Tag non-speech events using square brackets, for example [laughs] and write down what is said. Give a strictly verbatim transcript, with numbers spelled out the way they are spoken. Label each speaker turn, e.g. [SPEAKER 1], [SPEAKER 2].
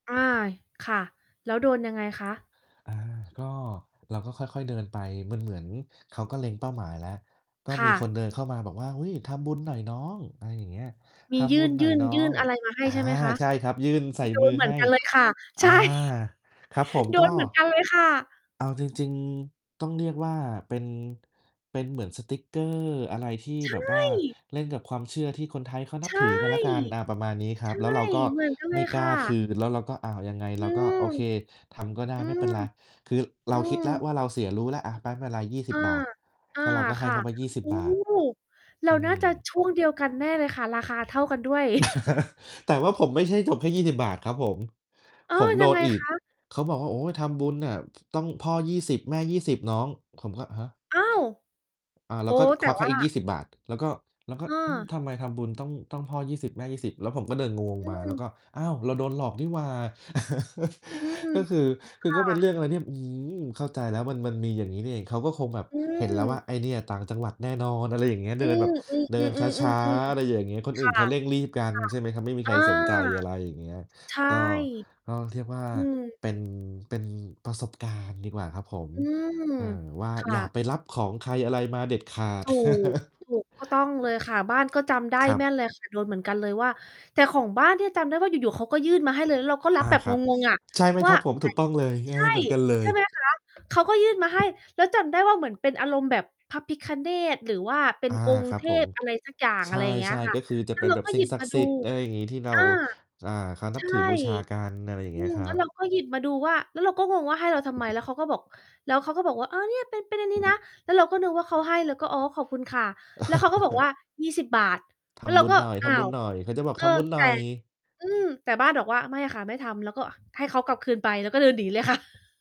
[SPEAKER 1] อา ค่ะ แล้วโดนยังไงคะ?
[SPEAKER 2] อา ก็ เราก็ค่อย ๆ เดินไป มันเหมือนเขาก็เล็งเป้าหมายแล้ว ก็
[SPEAKER 1] ค
[SPEAKER 2] ม
[SPEAKER 1] ่
[SPEAKER 2] ีคน
[SPEAKER 1] ะ
[SPEAKER 2] เดินเข้ามาบอกว่า "อุ๊ย ทำบุญหน่อยน้อง" อะไรอย่างเงี้ย
[SPEAKER 1] ม
[SPEAKER 2] "ท
[SPEAKER 1] ีย
[SPEAKER 2] ำบุ
[SPEAKER 1] ื่น
[SPEAKER 2] ญหน
[SPEAKER 1] ย
[SPEAKER 2] ่อ
[SPEAKER 1] ื
[SPEAKER 2] ย
[SPEAKER 1] ่น
[SPEAKER 2] น้อ
[SPEAKER 1] ยื่
[SPEAKER 2] ง"
[SPEAKER 1] นอะไรมาให้
[SPEAKER 2] อา
[SPEAKER 1] ใช่ไหมคะ?
[SPEAKER 2] ใช่ครับ ยื่นใส่
[SPEAKER 1] โด
[SPEAKER 2] มื
[SPEAKER 1] น
[SPEAKER 2] อ
[SPEAKER 1] เหมื
[SPEAKER 2] ให
[SPEAKER 1] อน
[SPEAKER 2] ้
[SPEAKER 1] กันเลยค่ะ
[SPEAKER 2] อ
[SPEAKER 1] ใช
[SPEAKER 2] า
[SPEAKER 1] ่
[SPEAKER 2] ครับผม
[SPEAKER 1] โด
[SPEAKER 2] ก็
[SPEAKER 1] นเหมือนกันเลยค่ะ
[SPEAKER 2] เอาจริง ๆ ต้องเรียกว่าเป็น เป็นเหมือนสติ๊กเกอร์อะไรที่
[SPEAKER 1] ใช
[SPEAKER 2] แบบว่า
[SPEAKER 1] ่
[SPEAKER 2] เล่นกับความเชื่อที่คนไทยเขานั
[SPEAKER 1] ใ
[SPEAKER 2] บ
[SPEAKER 1] ช
[SPEAKER 2] ถ
[SPEAKER 1] ่
[SPEAKER 2] ือก็แล้วกัน อา ประมาณนี้คร
[SPEAKER 1] ใช
[SPEAKER 2] ับ
[SPEAKER 1] ่
[SPEAKER 2] แล้วเราก็
[SPEAKER 1] เหมือนกันเ
[SPEAKER 2] ไ
[SPEAKER 1] ล
[SPEAKER 2] ม่
[SPEAKER 1] ย
[SPEAKER 2] ก
[SPEAKER 1] ค
[SPEAKER 2] ล้
[SPEAKER 1] ่
[SPEAKER 2] าคื
[SPEAKER 1] ะ
[SPEAKER 2] น แล้วเราก็ อ้าว ยังไง?
[SPEAKER 1] อื
[SPEAKER 2] เราก็
[SPEAKER 1] ม
[SPEAKER 2] โอเค ทำก็ได้
[SPEAKER 1] อื
[SPEAKER 2] ไม่เ
[SPEAKER 1] ม
[SPEAKER 2] ป็นไร คือเ
[SPEAKER 1] อ
[SPEAKER 2] ร
[SPEAKER 1] ื
[SPEAKER 2] าคิดแล้ว
[SPEAKER 1] ม
[SPEAKER 2] ว่าเราเสียรู้แล้ว อะ ไป๊ ไม่ไร ยี่สิ
[SPEAKER 1] อ
[SPEAKER 2] บ
[SPEAKER 1] า
[SPEAKER 2] บาท
[SPEAKER 1] อา
[SPEAKER 2] ก็ เราก็ให
[SPEAKER 1] ค
[SPEAKER 2] ้
[SPEAKER 1] ่
[SPEAKER 2] เข
[SPEAKER 1] ะ
[SPEAKER 2] าไป ยี่สิบ
[SPEAKER 1] อู้
[SPEAKER 2] บาท
[SPEAKER 1] เร
[SPEAKER 2] อ
[SPEAKER 1] า
[SPEAKER 2] ื
[SPEAKER 1] น่าจะ
[SPEAKER 2] ม
[SPEAKER 1] ช่วงเดียวกันแน่เลยค่ะ ราคาเท่ากันด้วย [chuckles]
[SPEAKER 2] [laughs] แต่ว่าผมไม่ใช่จบแค่ ยี่สิบบาท ครับผม
[SPEAKER 1] อ้อ
[SPEAKER 2] ผมโด
[SPEAKER 1] ยัง
[SPEAKER 2] น
[SPEAKER 1] ไง
[SPEAKER 2] อีก
[SPEAKER 1] คะ?
[SPEAKER 2] เขาบอกว่า "โอ๊ย ทำบุญน่ะ ต้องพ่อ ยี่สิบ แม่ ยี่สิบ น้อง" ผมก็ "ฮะ?"
[SPEAKER 1] อ้าว!
[SPEAKER 2] อ่า แ
[SPEAKER 1] โ
[SPEAKER 2] ล
[SPEAKER 1] อ
[SPEAKER 2] ้
[SPEAKER 1] ้
[SPEAKER 2] วก็
[SPEAKER 1] แ
[SPEAKER 2] ค
[SPEAKER 1] ต่
[SPEAKER 2] วักใ
[SPEAKER 1] ว
[SPEAKER 2] ห้
[SPEAKER 1] ่า
[SPEAKER 2] อีก ยี่สิบบาท แล้วก็ แล้วก็
[SPEAKER 1] เ
[SPEAKER 2] อืม
[SPEAKER 1] ออ
[SPEAKER 2] ทำไมทำบุญต้อง ต้องพ่อ ยี่สิบ แม่ ยี่สิบ? แล้วผมก็เดินงง
[SPEAKER 1] อื
[SPEAKER 2] มา แล้ว
[SPEAKER 1] ม
[SPEAKER 2] ก็ "อ้าว! เราโดนหลอกนี่หว่า" [chuckles]
[SPEAKER 1] อืม
[SPEAKER 2] ก็คือ ค
[SPEAKER 1] ค
[SPEAKER 2] ือ
[SPEAKER 1] ่
[SPEAKER 2] ก็เป็นเรื่
[SPEAKER 1] ะ
[SPEAKER 2] องอะไรที่ อื้อฮือ เข้าใจแล้ว มัน มันมีอย่างงี้นี่เอง เขาก็คงแบบ
[SPEAKER 1] อื
[SPEAKER 2] เห็นแล้วว่า
[SPEAKER 1] ม
[SPEAKER 2] ไอ้เนี่ยต่างจังหวัดแน่นอน อะไรอย่างเงี้ย
[SPEAKER 1] อื
[SPEAKER 2] เดินแบ
[SPEAKER 1] ม
[SPEAKER 2] บเดินช้
[SPEAKER 1] ๆ
[SPEAKER 2] า
[SPEAKER 1] ๆ
[SPEAKER 2] ๆ
[SPEAKER 1] ๆ
[SPEAKER 2] อ
[SPEAKER 1] ๆ
[SPEAKER 2] ะไรอย่างเงี้ย คน
[SPEAKER 1] ๆ ค
[SPEAKER 2] อื่
[SPEAKER 1] ่
[SPEAKER 2] น
[SPEAKER 1] ะ
[SPEAKER 2] เขาเร่งรีบกัน
[SPEAKER 1] ค่ะ
[SPEAKER 2] ใช่ไหมครับ ไม่มี
[SPEAKER 1] อ
[SPEAKER 2] ใค
[SPEAKER 1] า
[SPEAKER 2] รสนใจ อะไรอย่างเงี้ย
[SPEAKER 1] ใช่
[SPEAKER 2] ก็ ก็เรียกว่า
[SPEAKER 1] อืม
[SPEAKER 2] เป็น เป็นประสบการณ์ดีกว่าครับผม
[SPEAKER 1] อืม
[SPEAKER 2] เออ ว่า
[SPEAKER 1] ค่
[SPEAKER 2] อย่า
[SPEAKER 1] ะ
[SPEAKER 2] ไปรับของใครอะไรมาเด็ดขาด
[SPEAKER 1] ถูก ถ
[SPEAKER 2] [chuckles]
[SPEAKER 1] ูก ก็ต้องเลยค่ะ บ้านก็จำได้
[SPEAKER 2] ครับ
[SPEAKER 1] แม่นเลย ค่ะ โดนเหมือนกันเลยว่า แต่ของบ้านเนี่ย จำได้ว่าอยู่ ๆ เขาก็ยื่นมาให้เลย แล้วเราก็ร
[SPEAKER 2] อ
[SPEAKER 1] ั
[SPEAKER 2] า
[SPEAKER 1] บแบบ
[SPEAKER 2] ครับ
[SPEAKER 1] งง ๆ อะ
[SPEAKER 2] ใช่ไหม
[SPEAKER 1] ว
[SPEAKER 2] ค
[SPEAKER 1] ่
[SPEAKER 2] ร
[SPEAKER 1] า
[SPEAKER 2] ับผม? ถูกต้องเลย เง
[SPEAKER 1] ใ
[SPEAKER 2] ้
[SPEAKER 1] ช
[SPEAKER 2] อ
[SPEAKER 1] ่
[SPEAKER 2] เหมือนกันเล
[SPEAKER 1] ใช่ ใช
[SPEAKER 2] ย
[SPEAKER 1] ่ไหมล่ะคะ? เขาก็ยื่นมาให้ แล้วจำได้ว่า เหมือนเป็นอารมณ์แบบพระพิฆเนศ หรือว่าเป็
[SPEAKER 2] อ
[SPEAKER 1] น
[SPEAKER 2] า
[SPEAKER 1] องค
[SPEAKER 2] ค
[SPEAKER 1] ์
[SPEAKER 2] รั
[SPEAKER 1] เ
[SPEAKER 2] บ
[SPEAKER 1] ท
[SPEAKER 2] ผม
[SPEAKER 1] พอะไรสักอย่าง
[SPEAKER 2] ใช
[SPEAKER 1] อะไรอย่างเงี้ย
[SPEAKER 2] ่
[SPEAKER 1] ค่
[SPEAKER 2] ๆ ก
[SPEAKER 1] ะ
[SPEAKER 2] ็คือจะ
[SPEAKER 1] แล้
[SPEAKER 2] เป
[SPEAKER 1] ว
[SPEAKER 2] ็น
[SPEAKER 1] เรา
[SPEAKER 2] แบบ
[SPEAKER 1] ก็
[SPEAKER 2] สิ
[SPEAKER 1] ห
[SPEAKER 2] ่
[SPEAKER 1] ย
[SPEAKER 2] ง
[SPEAKER 1] ิบ
[SPEAKER 2] ศัก
[SPEAKER 1] ม
[SPEAKER 2] ด
[SPEAKER 1] า
[SPEAKER 2] ิ์ส
[SPEAKER 1] ดู
[SPEAKER 2] ิทธิ์ อะไรอย่างงี้ ที่เรา
[SPEAKER 1] อา
[SPEAKER 2] อ่า เขาน
[SPEAKER 1] ใ
[SPEAKER 2] ั
[SPEAKER 1] ช
[SPEAKER 2] บ
[SPEAKER 1] ่
[SPEAKER 2] ถือบูชากัน อะไรอย่าง
[SPEAKER 1] อ
[SPEAKER 2] เ
[SPEAKER 1] ื
[SPEAKER 2] งี้ย
[SPEAKER 1] ม
[SPEAKER 2] คร
[SPEAKER 1] แล
[SPEAKER 2] ั
[SPEAKER 1] ้วเรา
[SPEAKER 2] บ
[SPEAKER 1] ก็หยิบมาดูว่า แล้วเราก็งงว่า ให้เราทำไม? แล้วเขาก็บอก แล้วเขาก็บอกว่า "เออ เนี่ยเป็น เป็นอันนี้นะ" แล้วเราก็นึกว่าเขาให้ เราก็ "อ๋อ ขอบคุณค่ะ" แล้วเขาก็บอกว่
[SPEAKER 2] [chuckles]
[SPEAKER 1] า "ยี่สิบบาท"
[SPEAKER 2] "ท
[SPEAKER 1] แล้วเร
[SPEAKER 2] ำ
[SPEAKER 1] า
[SPEAKER 2] บุญ
[SPEAKER 1] ก็
[SPEAKER 2] หน่อย ท
[SPEAKER 1] "อ้า
[SPEAKER 2] ำบุ
[SPEAKER 1] ว"
[SPEAKER 2] ญหน่อย" เขาจะบอก
[SPEAKER 1] เอ
[SPEAKER 2] "ท
[SPEAKER 1] อ
[SPEAKER 2] ำบุญหน
[SPEAKER 1] แต
[SPEAKER 2] ่
[SPEAKER 1] ่
[SPEAKER 2] อย"
[SPEAKER 1] อืม แต่บ้านบอกว่า "ไม่ค่ะ ไม่ทำ" แล้วก็ให้เขากลับคืนไป แล้วก็เดินหนีเลย ค่ะ